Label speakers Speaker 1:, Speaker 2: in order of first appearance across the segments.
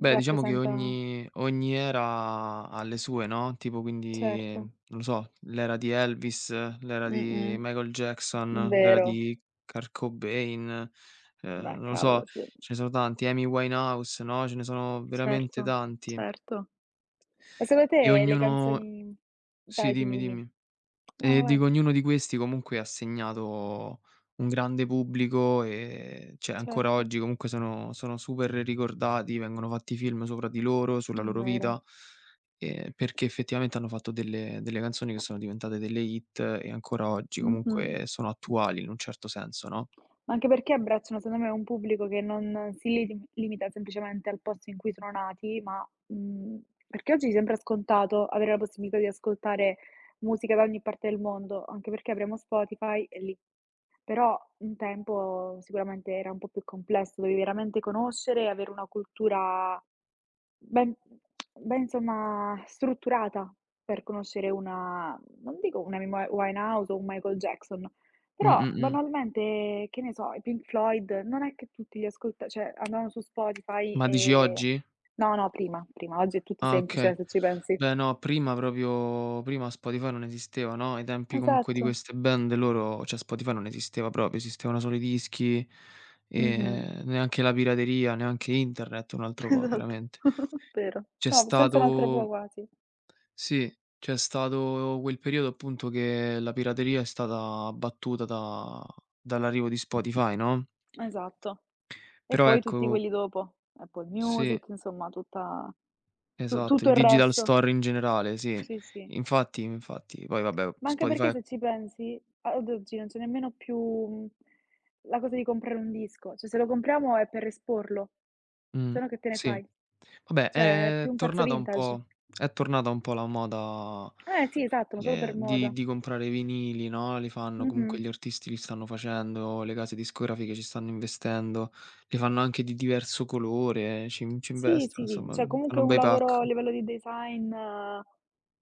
Speaker 1: Beh diciamo che
Speaker 2: Rappresenta
Speaker 1: ogni ogni era ha le sue, no, tipo quindi
Speaker 2: Certo.
Speaker 1: non lo so, l'era di Elvis, l'era di
Speaker 2: Mh-mh,
Speaker 1: Michael
Speaker 2: mh,
Speaker 1: Jackson, l'era
Speaker 2: vero.
Speaker 1: di Kurt Cobain, ehm,
Speaker 2: Beh,
Speaker 1: non lo so,
Speaker 2: cavolo, sì.
Speaker 1: ce ne sono tanti, Amy Winehouse, no, ce ne sono veramente
Speaker 2: Certo,
Speaker 1: tanti.
Speaker 2: certo. Ma secondo
Speaker 1: E
Speaker 2: te le
Speaker 1: ognuno
Speaker 2: canzoni
Speaker 1: sì
Speaker 2: vai, dimmi,
Speaker 1: dimmi,
Speaker 2: dimmi.
Speaker 1: dimmi.
Speaker 2: No
Speaker 1: E
Speaker 2: vai.
Speaker 1: dico ognuno di questi comunque ha segnato un grande pubblico, ehm, cioè ancora
Speaker 2: Certo.
Speaker 1: oggi comunque sono sono super ricordati, vengono fatti film sopra di loro,
Speaker 2: È
Speaker 1: sulla loro
Speaker 2: vero.
Speaker 1: vita, ehm, perché effettivamente hanno fatto delle delle canzoni che sono diventate delle hit e ancora oggi
Speaker 2: Mh-mh.
Speaker 1: comunque sono attuali in un certo senso, no?
Speaker 2: Ma anche perché abbracciano secondo me un pubblico che non si liti limita semplicemente al posto in cui sono nati, ma, mhmm, perché oggi sembra scontato avere la possibilità di ascoltare musica da ogni parte del mondo, anche perché avremo Spotify e lì però un tempo sicuramente era un po' più complesso, dovevi veramente conoscere e avere una cultura ben ben insomma strutturata per conoscere una non dico una Amy Wi Winehouse o un Michael Jackson, però
Speaker 1: Mh-mh-mh.
Speaker 2: banalmente, che ne so, i Pink Floyd non è che tutti li ascolta cioè andavano su Spotify
Speaker 1: Ma dici
Speaker 2: ehm
Speaker 1: oggi?
Speaker 2: no, no prima, prima, oggi è tutto
Speaker 1: Ah
Speaker 2: semplice
Speaker 1: okay.
Speaker 2: se ci pensi.
Speaker 1: Beh no prima proprio prima Spotify non esisteva, no, ai tempi comunque di
Speaker 2: Esatto.
Speaker 1: queste band loro cioè Spotify non esisteva proprio, esistevano solo i dischi,
Speaker 2: Mh-mh.
Speaker 1: ehm, neanche la pirateria, neanche internet, un altro po'
Speaker 2: Esatto,
Speaker 1: veramente.
Speaker 2: vero.
Speaker 1: C'è
Speaker 2: No, senza un altro po'
Speaker 1: stato
Speaker 2: quasi.
Speaker 1: sì, c'è stato quel periodo appunto che la pirateria è stata battuta da dall'arrivo di Spotify, no?
Speaker 2: Esatto. E
Speaker 1: Però
Speaker 2: poi tutti
Speaker 1: ecco
Speaker 2: quelli dopo. Apple
Speaker 1: Sì.
Speaker 2: Music, insomma tutta tu
Speaker 1: Esatto, il
Speaker 2: tutto il
Speaker 1: digital
Speaker 2: resto.
Speaker 1: store in generale sì
Speaker 2: Sì, sì.
Speaker 1: infatti, infatti. Poi vabbè
Speaker 2: Ma anche perché
Speaker 1: Spotify
Speaker 2: se ci pensi, a ad oggi non c'è nemmeno più, mhmm, la cosa di comprare un disco, cioè se lo compriamo è per esporlo,
Speaker 1: Mh,
Speaker 2: se no che te ne
Speaker 1: sì.
Speaker 2: fai,
Speaker 1: Vabbè
Speaker 2: cioè è più
Speaker 1: è
Speaker 2: un pezzo
Speaker 1: tornata un
Speaker 2: vintage.
Speaker 1: po' è tornata un po' la moda,
Speaker 2: Eh sì, esatto, ma solo
Speaker 1: ehm,
Speaker 2: per
Speaker 1: di
Speaker 2: moda.
Speaker 1: di comprare i vinili, no, li fanno comunque
Speaker 2: Mh-mh.
Speaker 1: gli artisti li stanno facendo, le case discografiche ci stanno investendo, li fanno anche di diverso colore, ci in ci
Speaker 2: Sì,
Speaker 1: investono
Speaker 2: sì, sì,
Speaker 1: insomma,
Speaker 2: c'è
Speaker 1: uhm,
Speaker 2: comunque
Speaker 1: fanno
Speaker 2: un
Speaker 1: bei
Speaker 2: lavoro
Speaker 1: pack.
Speaker 2: a livello di design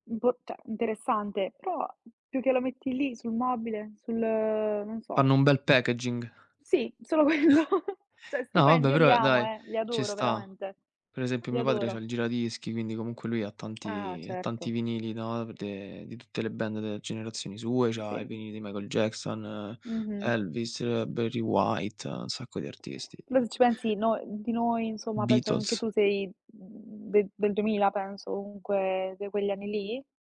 Speaker 2: impor cioè interessante, però più che lo metti lì sul mobile, sul, ehm, non so
Speaker 1: Fanno un bel packaging.
Speaker 2: Sì, solo quello. Cioè
Speaker 1: No
Speaker 2: stupendi,
Speaker 1: vabbè
Speaker 2: io li
Speaker 1: però
Speaker 2: amo
Speaker 1: dai
Speaker 2: eh, li
Speaker 1: ci
Speaker 2: adoro
Speaker 1: sta.
Speaker 2: veramente.
Speaker 1: Per esempio
Speaker 2: Li
Speaker 1: mio padre c'ha
Speaker 2: adoro.
Speaker 1: il giradischi quindi comunque lui ha
Speaker 2: Ah
Speaker 1: tanti ha tanti
Speaker 2: certo.
Speaker 1: vinili, no, v de di tutte le band delle generazioni sue, c'ha i
Speaker 2: Sì.
Speaker 1: vinili di Michael Jackson,
Speaker 2: Mh-mh.
Speaker 1: Elvis, Barry White, ha un sacco di artisti.
Speaker 2: Loro ci pensi noi di noi insomma penso anche
Speaker 1: Beatles.
Speaker 2: tu sei, mhmm, de del 2000 penso comunque de' quegli anni lì?